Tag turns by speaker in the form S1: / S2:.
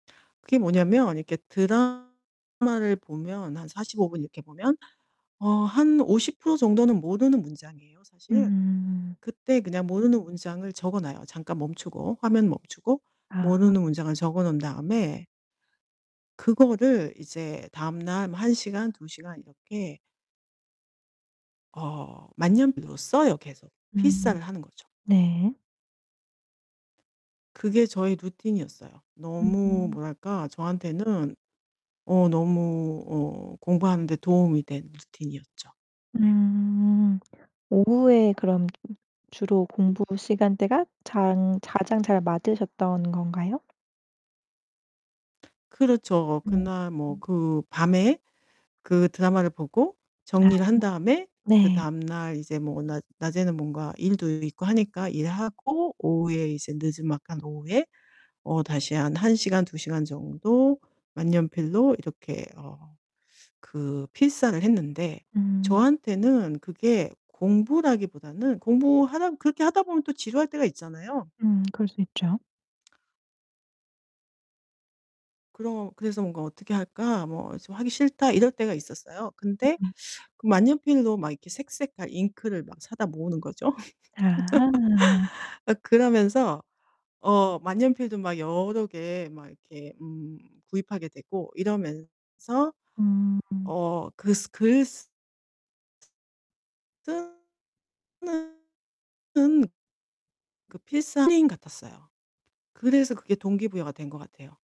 S1: 그게 뭐냐면 이렇게 드라마를 보면 한 45 분 이렇게 보면 어 한 50% 정도는 모르는 문장이에요 사실.
S2: 음.
S1: 그때 그냥 모르는 문장을 적어 놔요. 잠깐 멈추고, 화면 멈추고
S2: 아.
S1: 모르는 문장을 적어 놓은 다음에 그거를 이제 다음날 뭐 1 시간, 2 시간 이렇게 어 만년필로 써요 계속.
S2: 음.
S1: 필사를 하는 거죠.
S2: 네.
S1: 그게 저의 루틴이었어요. 너무
S2: 음.
S1: 뭐랄까 저한테는 어 너무 어 공부하는데 도움이 된 루틴이었죠. 예.
S2: 음. 오후에 그럼 주로 공부 시간대가 장 가장 잘 맞으셨던 건가요?
S1: 그렇죠.
S2: 음.
S1: 그날 뭐 그 밤에 그 드라마를 보고
S2: 아.
S1: 정리를 한 다음에
S2: 네.
S1: 그다음 날 이제 뭐 낮 낮에는 뭔가 일도 있고 하니까 일하고 오후에 이제 느즈막한 오후에 어 다시 한 1 시간, 2 시간 정도 만년필로 이렇게 어 그 필사를 했는데
S2: 음.
S1: 저한테는 그게 공부라기보다는 공부하다 그렇게 하다 보면 또 지루할 때가 있잖아요.
S2: 음 그럴 수 있죠.
S1: 그러 그래서 뭔가 '어떻게 할까? 뭐 좀 하기 싫다.' 이럴 때가 있었어요. 근데
S2: 으음.
S1: 그 만년필로 막 이렇게 색색깔 잉크를 막 사다 모으는 거죠.
S2: 아.
S1: 막 그러면서 어 만년필도 막 여러 개 막 이렇게 음 구입하게 되고 이러면서
S2: 음.
S1: 어 글쓰 글쓰 쓰는 그 필사인 것 같았어요. 그래서 그게 동기부여가 된 것 같아요.